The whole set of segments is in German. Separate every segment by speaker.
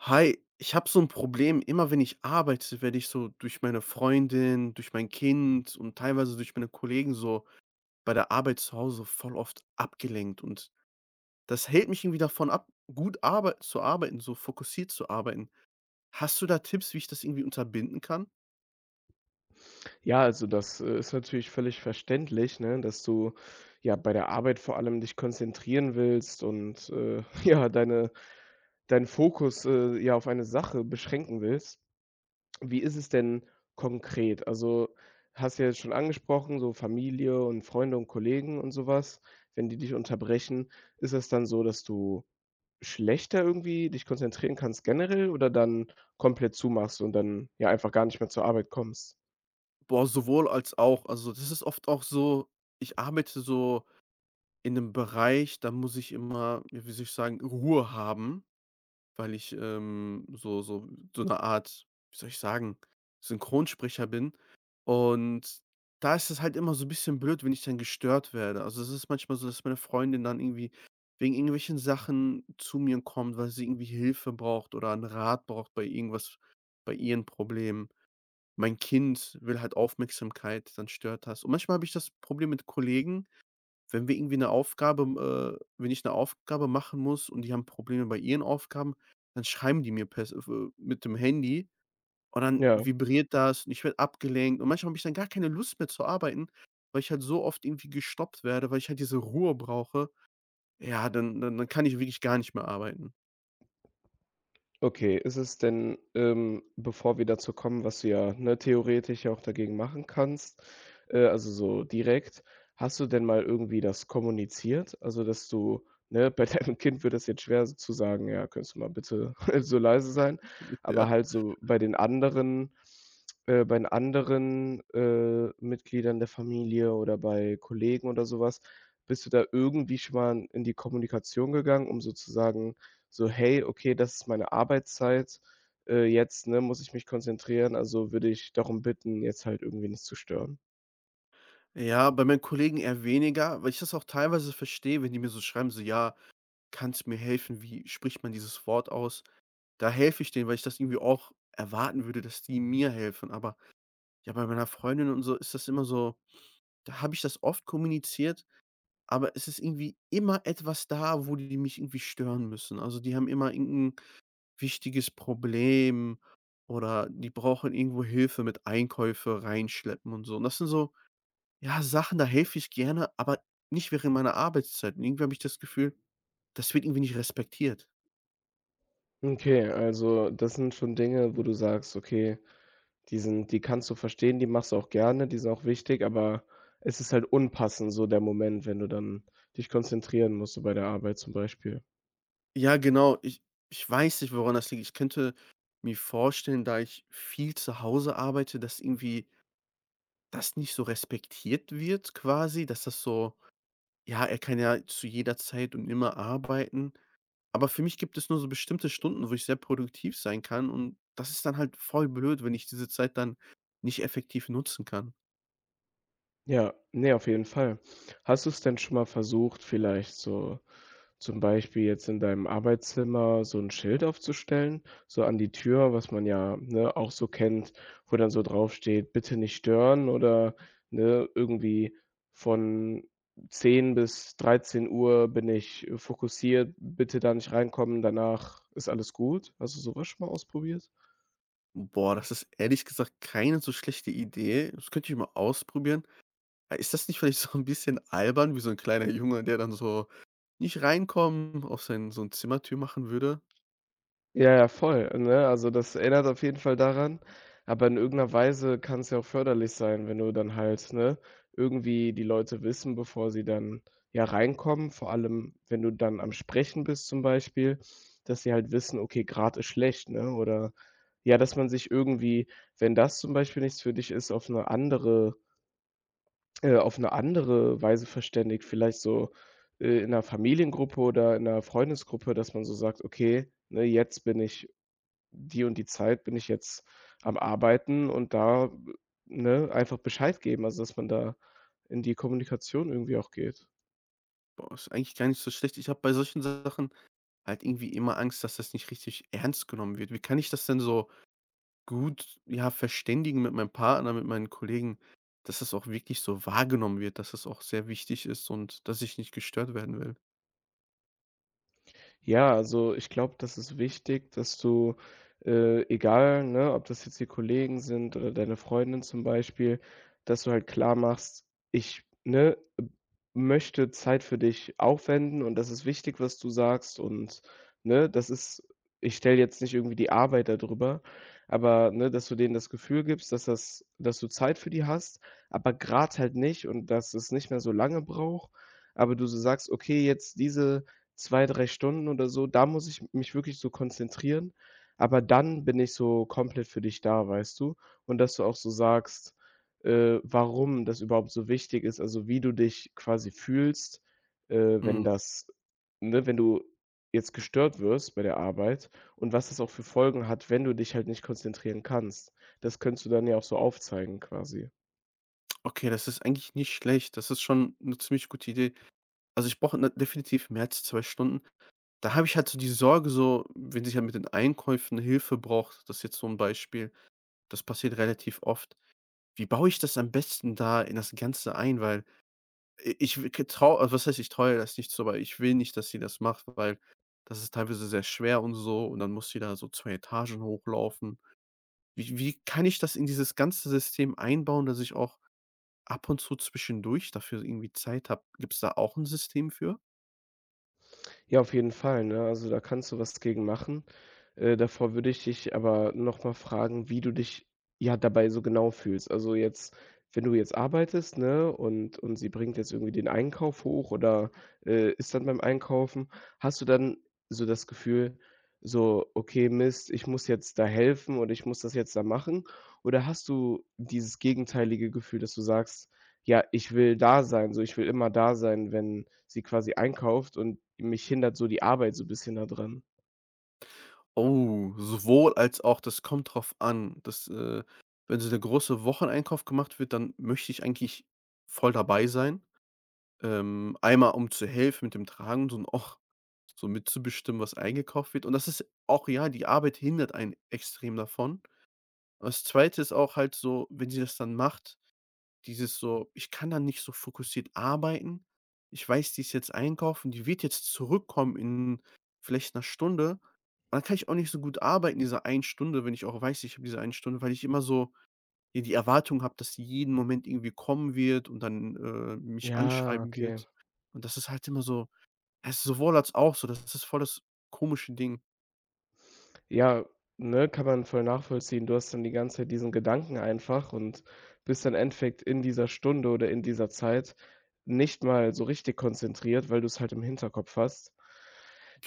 Speaker 1: Hi, ich habe so 'n Problem. Immer wenn ich arbeite, werde ich so durch meine Freundin, durch mein Kind und teilweise durch meine Kollegen so bei der Arbeit zu Hause so voll oft abgelenkt. Und das hält mich irgendwie davon ab, gut arbeit zu arbeiten, so fokussiert zu arbeiten. Hast du da Tipps, wie ich das irgendwie unterbinden kann?
Speaker 2: Ja, also, das, äh, ist natürlich völlig verständlich, ne, dass du, ja, bei der Arbeit vor allem dich konzentrieren willst und, äh, ja, deine deinen Fokus, äh, ja, auf eine Sache beschränken willst. Wie ist es denn konkret? Also, hast du ja jetzt schon angesprochen, so Familie und Freunde und Kollegen und so was, wenn die dich unterbrechen. Ist es dann so, dass du schlechter irgendwie dich konzentrieren kannst generell oder dann komplett zumachst und dann, ja, einfach gar nicht mehr zur Arbeit kommst?
Speaker 1: Boah, sowohl als auch. Also, das ist oft auch so: Ich arbeite so in 'nem Bereich, da muss ich immer, ja, wie soll ich sagen, Ruhe haben, weil ich, ähm, so so so 'ne Art, wie soll ich sagen, Synchronsprecher bin. Und da ist es halt immer so 'n bisschen blöd wenn ich dann gestört werde. Also, es ist manchmal so, dass meine Freundin dann irgendwie wegen irgendwelchen Sachen zu mir kommt, weil sie irgendwie Hilfe braucht oder 'n Rat braucht bei irgendwas, bei ihren Problemen. Mein Kind will halt Aufmerksamkeit, dann stört das. Und manchmal habe ich das Problem mit Kollegen, wenn wir irgendwie 'ne Aufgabe, äh wenn ich 'ne Aufgabe machen muss und die haben Probleme bei ihren Aufgaben, dann schreiben die mir per s f äh, mit dem Handy und dann
Speaker 2: Ja.
Speaker 1: vibriert das und ich werde abgelenkt. Und manchmal habe ich dann gar keine Lust mehr zu arbeiten, weil ich halt so oft irgendwie gestoppt werde, weil ich halt diese Ruhe brauche. Ja, dann dann dann kann ich wirklich gar nicht mehr arbeiten.
Speaker 2: Okay, ist es denn, ähm bevor wir dazu kommen, was du ja, ne, theoretisch ja auch dagegen machen kannst, äh, also, so direkt. Hast du denn mal irgendwie das kommuniziert? Also, dass du, ne bei deinem Kind wird das jetzt schwer so zu sagen: „Ja, könntest du mal bitte so leise sein?“ Aber
Speaker 1: Ja.
Speaker 2: halt so bei den anderen, äh bei den anderen, äh, Mitgliedern der Familie oder bei Kollegen oder so was. Bist du da irgendwie schon mal in die Kommunikation gegangen, um so zu sagen, so: „Hey, okay, das ist meine Arbeitszeit. Äh, jetzt, ne, muss ich mich konzentrieren, also, würde ich darum bitten, jetzt halt irgendwie nichts zu stören.“
Speaker 1: Ja, bei meinen Kollegen eher weniger, weil ich das auch teilweise verstehe, wenn die mir so schreiben, so: „Ja, kannst du mir helfen? Wie spricht man dieses Wort aus?“ Da helfe ich denen, weil ich das irgendwie auch erwarten würde, dass die mir helfen. Aber, ja, bei meiner Freundin und so ist das immer so: Da habe ich das oft kommuniziert, aber es ist irgendwie immer etwas da, wo die mich irgendwie stören müssen. Also, die haben immer irgend 'n wichtiges Problem oder die brauchen irgendwo Hilfe mit Einkäufe rein schleppen und so. Und das sind so, ja, Sachen, da helfe ich gerne, aber nicht während meiner Arbeitszeiten. Irgendwie habe ich das Gefühl, das wird irgendwie nicht respektiert.
Speaker 2: Okay, also, das sind schon Dinge, wo du sagst, okay, die sind die kannst du verstehen, die machst du auch gerne, die sind auch wichtig. Aber es ist halt unpassend so der Moment, wenn du dann dich konzentrieren musst, so bei der Arbeit zum Beispiel.
Speaker 1: Ja, genau. Ich ich weiß nicht, woran das liegt. Ich könnte mir vorstellen, da ich viel zu Hause arbeite, dass irgendwie das nicht so respektiert wird quasi, dass das so: „Ja, er kann ja zu jeder Zeit und immer arbeiten.“ Aber für mich gibt es nur so bestimmte Stunden, wo ich sehr produktiv sein kann und das ist dann halt voll blöd, wenn ich diese Zeit dann nicht effektiv nutzen kann.
Speaker 2: Ja, ne, auf jeden Fall. Hast du's denn schon mal versucht, vielleicht so zum Beispiel jetzt in deinem Arbeitszimmer so 'n Schild aufzustellen, so an die Tür, was man ja, ne, auch so kennt, wo dann so draufsteht, „Bitte nicht stören“, oder ne, irgendwie „Von 10:00 bis 13:00 bin ich fokussiert, bitte da nicht reinkommen, danach ist alles gut.“ Hast du so was schon mal ausprobiert?
Speaker 1: Boah, das ist ehrlich gesagt keine so schlechte Idee. Das könnte ich mal ausprobieren. Äh, ist das nicht vielleicht so 'n bisschen albern wie so 'n kleiner Junge, der dann so „nicht reinkommen“, auf seinen so 'n Zimmertür machen würde?
Speaker 2: Ja, ja, voll, ne? Also, das erinnert auf jeden Fall daran. Aber in irgend 'ner Weise kann's ja auch förderlich sein, wenn du dann halt, ne irgendwie die Leute wissen, bevor sie dann, ja, reinkommen, vor allem, wenn du dann am Sprechen bist zum Beispiel, dass sie halt wissen: Okay, gerade ist schlecht, ne, oder ja, dass man sich irgendwie wenn das zum Beispiel nichts für dich ist, auf 'ne andere äh, auf 'ne andere Weise verständigt, vielleicht so, äh, in 'ner Familiengruppe oder in 'ner Freundesgruppe, dass man so sagt: „Okay, ne, jetzt bin ich die und die Zeit, bin ich jetzt am Arbeiten“, und da, ne, einfach Bescheid geben, also dass man da in die Kommunikation irgendwie auch geht.
Speaker 1: Boah, ist eigentlich gar nicht so schlecht. Ich habe bei solchen Sachen halt irgendwie immer Angst, dass das nicht richtig ernst genommen wird. Wie kann ich das denn, so, gut, ja, verständigen mit meinem Partner, mit meinen Kollegen, dass es auch wirklich so wahrgenommen wird, dass es auch sehr wichtig ist und dass ich nicht gestört werden will?
Speaker 2: Ja, also ich glaube, das ist wichtig, dass du, äh, egal, ne, ob das jetzt die Kollegen sind oder deine Freundin zum Beispiel dass du halt klar machst: „Ich, ne, möchte Zeit für dich aufwenden und das ist wichtig, was du sagst und ne? Das ist ich stelle jetzt nicht irgendwie die Arbeit da drüber.“ Aber, ne? Dass du denen das Gefühl gibst, dass das dass du Zeit für die hast, aber grade halt nicht und dass es nicht mehr so lange braucht. Aber du so sagst: „Okay, jetzt diese 2, 3 Stunden oder so, da muss ich mich wirklich so konzentrieren, aber dann bin ich so komplett für dich da, weißt du?“ Und dass du auch so sagst, äh, warum das überhaupt so wichtig ist, also wie du dich quasi fühlst, äh, wenn
Speaker 1: Mhm.
Speaker 2: das ne? Wenn du jetzt gestört wirst bei der Arbeit und was das auch für Folgen hat, wenn du dich halt nicht konzentrieren kannst. Das könntest du dann ja auch so aufzeigen quasi.
Speaker 1: Okay, das ist eigentlich nicht schlecht. Das ist schon 'ne ziemlich gute Idee. Also, ich brauche, ne, definitiv mehr als 2 Stunden. Da habe ich halt so diese Sorge so, wenn sie halt mit den Einkäufen Hilfe braucht das ist jetzt so 'n Beispiel, das passiert relativ oft. Wie baue ich das am besten da in das Ganze ein? Weil i ich w g traue was heißt ich traue ihr das nicht zu, aber ich will nicht, dass sie das macht. Weil das ist teilweise sehr schwer und so und dann muss die da so 2 Etagen hochlaufen. Wie wie kann ich das in dieses ganze System einbauen, dass ich auch ab und zu zwischendurch dafür irgendwie Zeit habe? Gibt's da auch 'n System für?
Speaker 2: Ja, auf jeden Fall, ne? Also, da kannst du was gegen machen. Äh, davor würde ich dich aber noch mal fragen, wie du dich, ja, dabei so genau fühlst. Also, jetzt wenn du jetzt arbeitest, ne, und und sie bringt jetzt irgendwie den Einkauf hoch oder, äh, ist dann beim Einkaufen. Hast du dann so das Gefühl, so: „Okay, Mist, ich muss jetzt da helfen oder ich muss das jetzt da machen?“ Oder hast du dieses gegenteilige Gefühl, dass du sagst: „Ja, ich will da sein, so, ich will immer da sein, wenn sie quasi einkauft und mich hindert so die Arbeit so bisschen da dran?“
Speaker 1: Oh, sowohl als auch, das kommt drauf an. Das, äh wenn so der große Wocheneinkauf gemacht wird, dann möchte ich eigentlich voll dabei sein. Ähm, einmal um zu helfen mit dem Tragen und auch so mitzubestimmen, was eingekauft wird. Und das ist auch ja, die Arbeit hindert einen extrem davon. Das 2. ist auch halt so, wenn sie das dann macht dieses so ich kann da nicht so fokussiert arbeiten. Ich weiß, die ist jetzt einkaufen, die wird jetzt zurückkommen in vielleicht 'ner Stunde. Und dann kann ich auch nicht so gut arbeiten diese einen Stunde, wenn ich auch weiß, ich habe diese eine Stunde, weil ich immer so hier die Erwartung habe, dass sie jeden Moment irgendwie kommen wird und dann, äh, mich
Speaker 2: Ja.
Speaker 1: anschreiben
Speaker 2: Okay.
Speaker 1: wird. Und das ist halt immer so es ist sowohl als auch, so, das ist das voll das komische Ding.
Speaker 2: Ja, ne, kann man voll nachvollziehen. Du hast dann die ganze Zeit diesen Gedanken einfach und bist im Endeffekt in dieser Stunde oder in dieser Zeit nicht mal so richtig konzentriert, weil du's halt im Hinterkopf hast.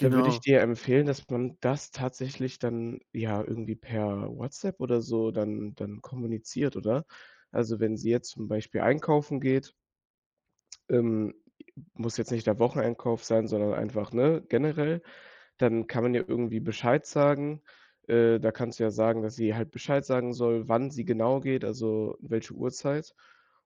Speaker 2: Da würde ich dir empfehlen, dass man das tatsächlich dann, ja, irgendwie per WhatsApp oder so dann dann kommuniziert, oder? Also, wenn sie jetzt zum Beispiel einkaufen geht ähm, i muss jetzt nicht der Wocheneinkauf sein, sondern einfach, ne, generell. Dann kann man ja irgendwie Bescheid sagen. Äh, da kannst du ja sagen, dass sie halt Bescheid sagen soll, wann sie genau geht, also, welche Uhrzeit.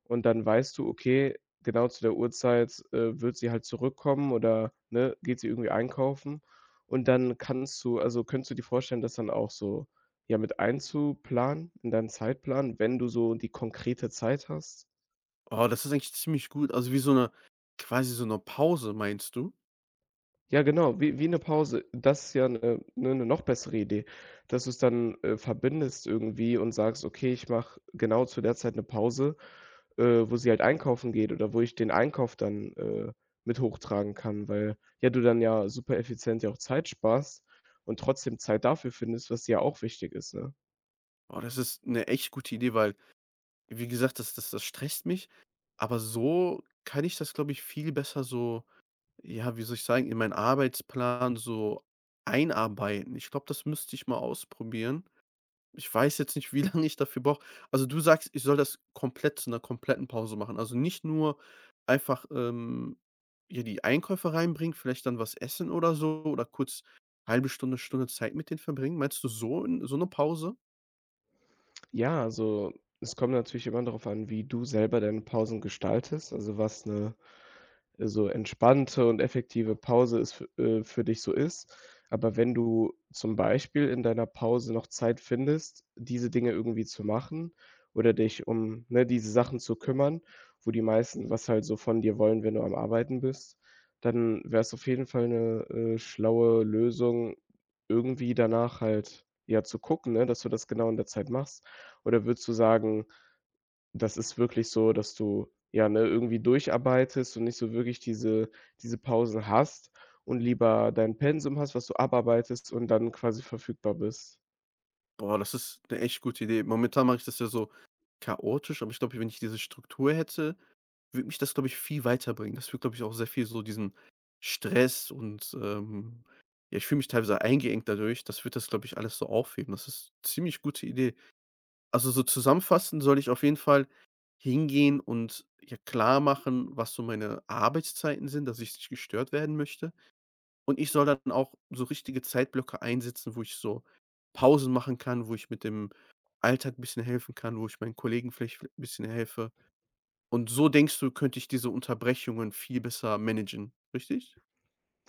Speaker 2: Und dann weißt du: Okay, genau zu der Uhrzeit, äh, wird sie halt zurückkommen oder, ne, geht sie irgendwie einkaufen. Und dann kannst du also, könntest du dir vorstellen, das dann auch so, ja, mit einzuplanen in deinen Zeitplan, wenn du so die konkrete Zeit hast?
Speaker 1: Oh, das ist eigentlich ziemlich gut, also, wie so 'ne quasi so 'ne Pause meinst du?
Speaker 2: Ja, genau, wie wie 'ne Pause. Das ist ja 'ne ne, 'ne noch bessere Idee. Dass du's dann, äh, verbindest irgendwie und sagst: „Okay, ich mache genau zu der Zeit 'ne Pause, äh, wo sie halt einkaufen geht oder wo ich den Einkauf dann, äh, mit hochtragen kann.” Weil, ja, du dann ja supereffizient ja auch Zeit sparst und trotzdem Zeit dafür findest, was dir ja auch wichtig ist, ne?
Speaker 1: Oh, das ist 'ne echt gute Idee, weil wie gesagt, das das das stresst mich, aber so kann ich das, glaube ich, viel besser so, ja, wie soll ich sagen, in meinen Arbeitsplan so einarbeiten. Ich glaube, das müsste ich mal ausprobieren. Ich weiß jetzt nicht, wie lang ich dafür brauche. Also, du sagst, ich soll das komplett zu 'ner kompletten Pause machen. Also, nicht nur einfach, ähm, hier die Einkäufe reinbringen, vielleicht dann was essen oder so oder kurz 1/2 Stunde, Stunde Zeit mit denen verbringen. Meinst du so 'n so 'ne Pause?
Speaker 2: Ja, also, es kommt natürlich immer darauf an, wie du selber deine Pausen gestaltest, also, was 'ne so entspannte und effektive Pause es fü äh, für dich so ist. Aber wenn du zum Beispiel in deiner Pause noch Zeit findest, diese Dinge irgendwie zu machen oder dich um, ne, diese Sachen zu kümmern, wo die meisten was halt so von dir wollen, wenn du am Arbeiten bist, dann wäre es auf jeden Fall 'ne, äh, schlaue Lösung, irgendwie danach halt, ja, zu gucken, ne, dass du das genau in der Zeit machst? Oder würdest du sagen, das ist wirklich so, dass du, ja, ne, irgendwie durcharbeitest und nicht so wirklich diese diese Pausen hast und lieber dein Pensum hast, was du abarbeitest und dann quasi verfügbar bist?
Speaker 1: Boah. Das ist 'ne echt gute Idee. Momentan mache ich das ja so chaotisch, aber ich glaube, wenn ich diese Struktur hätte, würde mich das, glaube ich, viel weiterbringen. Das würde, glaube ich, auch sehr viel so diesen Stress und, ähm, ja ich fühle mich teilweise eingeengt dadurch. Das wird das, glaube ich, alles so aufheben. Das ist ziemlich gute Idee. Also, so zusammenfassend soll ich auf jeden Fall hingehen und ja klarmachen, was so meine Arbeitszeiten sind, dass ich nicht gestört werden möchte. Und ich soll dann auch so richtige Zeitblöcke einsetzen, wo ich so Pausen machen kann, wo ich mit dem Alltag 'n bisschen helfen kann, wo ich meinen Kollegen vielleicht 'n bisschen helfe. Und so denkst du, könnte ich diese Unterbrechungen viel besser managen, richtig?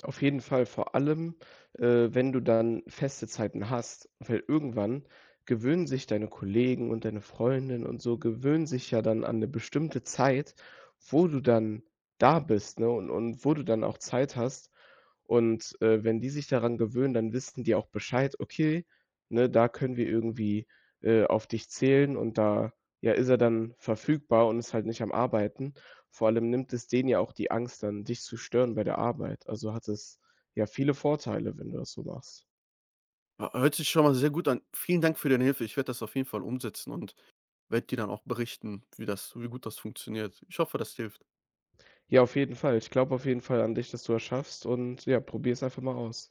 Speaker 2: Auf jeden Fall, vor allem, äh, wenn du dann feste Zeiten hast, weil irgendwann gewöhnen sich deine Kollegen und deine Freundin und so gewöhnen sich ja dann an 'ne bestimmte Zeit, wo du dann da bist, ne? Und und wo du dann auch Zeit hast. Und, äh, wenn die sich daran gewöhnen, dann wissen die auch Bescheid: „Okay, ne, da können wir irgendwie, äh, auf dich zählen und da, ja, ist er dann verfügbar und ist halt nicht am Arbeiten.“ Vor allem nimmt es denen ja auch die Angst dann, dich zu stören bei der Arbeit. Also hat es ja viele Vorteile, wenn du das so machst.
Speaker 1: H hört sich schon mal sehr gut an. Vielen Dank für deine Hilfe. Ich werde das auf jeden Fall umsetzen und werde dir dann auch berichten, wie das wie gut das funktioniert. Ich hoffe, das hilft.
Speaker 2: Ja, auf jeden Fall. Ich glaube auf jeden Fall an dich, dass du das schaffst und ja, probiere es einfach mal aus.